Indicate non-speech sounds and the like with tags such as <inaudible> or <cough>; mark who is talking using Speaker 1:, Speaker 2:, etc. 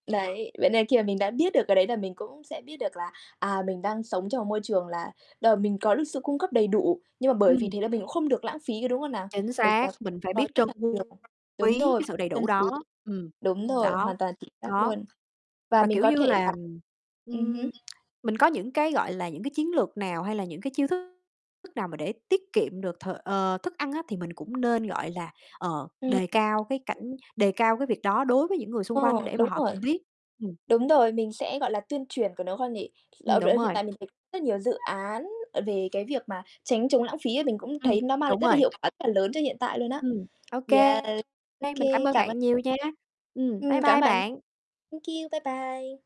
Speaker 1: Đấy, vậy nên khi mà mình đã biết được cái đấy là mình cũng sẽ biết được là, à, mình đang sống trong một môi trường là đ mình có được sự cung cấp đầy đủ, nhưng mà bởi vì
Speaker 2: Ừm.
Speaker 1: thế là mình cũng không được lãng phí, có đúng không nào?
Speaker 2: Chính
Speaker 1: Bởi vì
Speaker 2: xác,
Speaker 1: là
Speaker 2: mình phải
Speaker 1: có
Speaker 2: biết
Speaker 1: rất
Speaker 2: trân
Speaker 1: là
Speaker 2: <unintelligible>
Speaker 1: nhiều đúng
Speaker 2: quý
Speaker 1: rồi,
Speaker 2: cái sự đầy đủ
Speaker 1: trân
Speaker 2: đó.
Speaker 1: quý.
Speaker 2: Ừm.
Speaker 1: Đúng rồi,
Speaker 2: Đó.
Speaker 1: hoàn toàn chính xác
Speaker 2: Đó.
Speaker 1: luôn. Và
Speaker 2: Và,
Speaker 1: mình
Speaker 2: kiểu
Speaker 1: có
Speaker 2: như
Speaker 1: thể là
Speaker 2: là,
Speaker 1: ừm hứm.
Speaker 2: ừm, mình có những cái, gọi là, những cái chiến lược nào, hay là những cái chiêu thức thức nào mà để tiết kiệm được th ờ, thức ăn á thì mình cũng nên, gọi là, ờ,
Speaker 1: Ừm.
Speaker 2: đề cao cái cảnh đề cao cái việc đó đối với những người xung
Speaker 1: Ờ,
Speaker 2: quanh để mà
Speaker 1: đúng
Speaker 2: họ
Speaker 1: rồi.
Speaker 2: cùng biết. Ừm.
Speaker 1: Đúng rồi, mình sẽ, gọi là, tuyên truyền của nó hơn nhỉ?
Speaker 2: Ừm, đúng
Speaker 1: <unintelligible> Hiện
Speaker 2: rồi.
Speaker 1: tại mình thấy rất nhiều dự án, à, về cái việc mà tránh chống lãng phí ấy, mình cũng
Speaker 2: Ừm.
Speaker 1: thấy nó mang lại
Speaker 2: Đúng
Speaker 1: rất là
Speaker 2: rồi.
Speaker 1: hiệu quả, rất là lớn cho hiện tại luôn á.
Speaker 2: Ừm. Ô kê.
Speaker 1: Yeah. OK,
Speaker 2: <unintelligible> Mình cảm ơn
Speaker 1: cảm ơn.
Speaker 2: bạn nhiều nha. Ừm,
Speaker 1: Ừm,
Speaker 2: bye
Speaker 1: cảm ơn
Speaker 2: bye
Speaker 1: bạn.
Speaker 2: bạn!
Speaker 1: Thank you, bye bye!